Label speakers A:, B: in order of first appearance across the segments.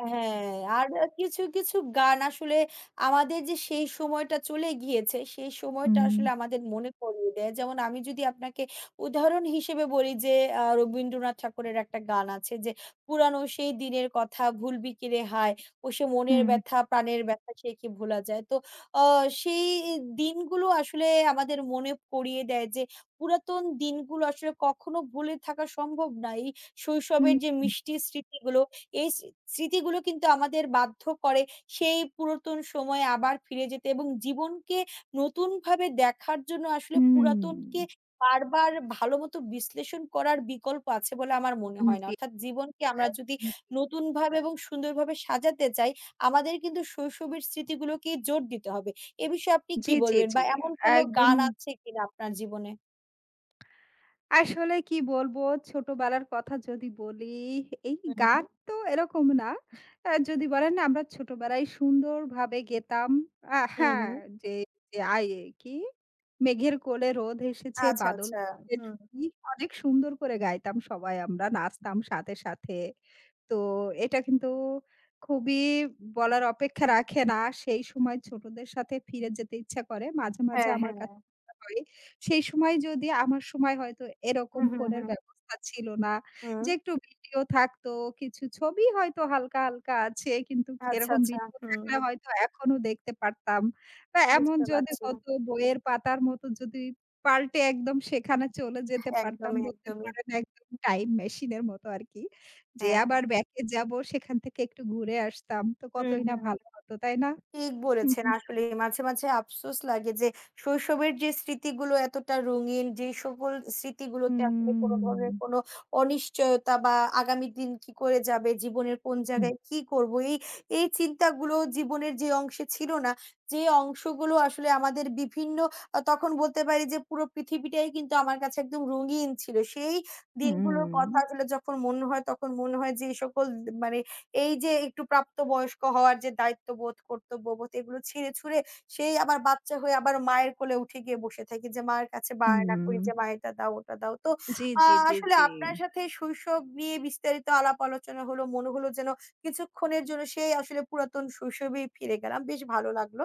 A: হ্যাঁ। আর কিছু, কিছু গান আসলে আমাদের যে সেই সময়টা চলে গিয়েছে সেই সময়টা
B: হুম।
A: আসলে আমাদের মনে করিয়ে দেয় যেমন আমি যদি আপনাকে উদাহরণ হিসেবে বলি যে আ রবীন্দ্রনাথ ঠাকুরের একটা গান আছে যে, "পুরানো সেই দিনের কথা ভুলবি কিরে হায় ও সে মনের
B: হুম।
A: ব্যথা প্রাণের ব্যথা সে কি ভোলা যায়।" তো আ সেই দিনগুলো আসলে আমাদের মনে পড়িয়ে দেয় যে পুরাতন দিনগুলো আসলে কখনো ভুলে থাকা সম্ভব নয়
B: হুম,
A: শৈশবের যে
B: হুম।
A: মিষ্টির স্মৃতিগুলো। এই স্রি স্মৃতিগুলো কিন্তু আমাদের বাধ্য করে সেই পুরাতন সময়ে আবার ফিরে যেতে এবং জীবনকে নতুনভাবে দেখার জন্য আসলে
B: হুম।
A: পুরাতনকে বারবার ভালোমত বিশ্লেষণ করার বিকল্প আছে বলে আমার মনে
B: হুম,
A: হয় না।
B: জি।
A: অর্থাৎ জীবনকে আমরা যদি নতুনভাবে
B: [unintelligible]
A: এবং সুন্দরভাবে সাজাতে চাই আমাদের কিন্তু শৈশবের স্মৃতিগুলোকে জোর দিতে হবে। এ বিষয়ে আপনি
B: জি,
A: কি
B: জি,
A: বলবেন
B: জি,
A: বা এমন কোনো গান
B: একদমই।
A: আছে কিনা আপনার জীবনে?
B: আসলে কি বলবো? ছোটবেলার কথা যদি বলি, এই
A: হুম, হুম,
B: গান
A: হুম।
B: তো এরকম না। আ যদি বলেন আমরা ছোটবেলায় সুন্দরভাবে গেতাম। আ
A: হুম,
B: হ্যাঁ,
A: হুম।
B: যে আ ই কি? "মেঘের কোলে রোদ হেসেছে
A: আচ্ছা,
B: বাদল
A: আচ্ছা,
B: গেছে
A: হুম।
B: টুটি।" অনেক সুন্দর করে গাইতাম সবাই আমরা নাচতাম সাথে, সাথে। তো এটা কিন্তু খুবই বলার অপেক্ষা রাখে না। সেই সময় ছোটদের সাথে ফিরে যেতে ইচ্ছা করে। মাঝে, মাঝে
A: হ্যাঁ,
B: আমার [unintelligible]
A: হ্যাঁ।
B: ইচ্ছা করে সেই সময় যদি আমার সময় হয়তো এরকম
A: হুম, হুম,
B: ফোনের
A: হুম।
B: ব্যবস্থা ছিল না। যে
A: হুম।
B: একটু ভিডিও থাকতো। কিছু ছবি হয়তো হালকা, হালকা আছে। কিন্তু
A: আচ্ছা,
B: এরকম
A: আচ্ছা,
B: ভিডিও থাকলে
A: হুম।
B: হয়তো এখনো দেখতে পারতাম। বা এমন
A: বুঝতে
B: যদি
A: পারছি। হ্যাঁ।
B: হতো বইয়ের পাতার মত যদি পাল্টে একদম সেখানে চলে যেতে পারতাম
A: একদমই,
B: বলতে
A: একদমই।
B: পারেন একদম টাইম মেশিন এর মতো আরকি। যে
A: হ্যাঁ।
B: আবার ব্যাক এ যাবো সেখান থেকে একটু ঘুরে আসতাম। তো
A: হুম,
B: কতই না
A: হুম।
B: ভালো হতো। তাই না?
A: ঠিক
B: হুম,
A: বলেছেন
B: হুম।
A: আসলেই। মাঝে, মাঝে আফসোস লাগে যে শৈশবের যে স্মৃতিগুলো এতটা রঙিন যে সকল স্মৃতিগুলোতে আসলে কোনো ধরনের
B: হুম।
A: কোনো অনিশ্চয়তা বা আগামী দিন কি করে যাবে? জীবনের কোন
B: হুম।
A: জায়গায় কি করব? এই এই চিন্তাগুলো জীবনের যে অংশে ছিল না। যে অংশগুলো আসলে আমাদের বিভিন্ন আ তখন বলতে পারি যে পুরো পৃথিবীটাই কিন্তু আমার কাছে একদম রঙিন ছিল। সেই দিনগুলোর
B: হুম।
A: কথাগুলো যখন মনে হয় তখন মনে হয় যে এই সকল মানে এই যে একটু প্রাপ্ত বয়স্ক হওয়ার যে দায়িত্ববোধ, কর্তব্যবোধ এগুলো ছিঁড়ে ছুঁড়ে সেই আবার বাচ্চা হয়ে আবার মায়ের কোলে উঠে গিয়ে বসে থাকি। যে মায়ের কাছে বায়না করি যে,
B: হুম।
A: "মা, এটা দাও। ওটা দাও।" তো
B: জি,
A: আ
B: জি, জি,
A: আসলে
B: জি।
A: আপনার সাথে শৈশব নিয়ে বিস্তারিত আলাপ আলোচনা হলো। মনে হলো যেন কিছুক্ষণের জন্য সেই আসলে পুরাতন শৈশবেই ফিরে গেলাম। বেশ ভালো লাগলো।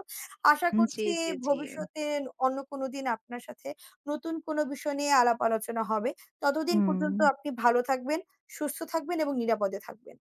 A: আশা
B: জি,
A: করছি
B: জি, জি।
A: ভবিষ্যতে অন্য কোনো দিন আপনার সাথে নতুন কোনো বিষয় নিয়ে আলাপ আলোচনা হবে। ততদিন পর্যন্ত
B: হুম।
A: আপনি ভালো থাকবেন, সুস্থ থাকবেন এবং নিরাপদে থাকবেন।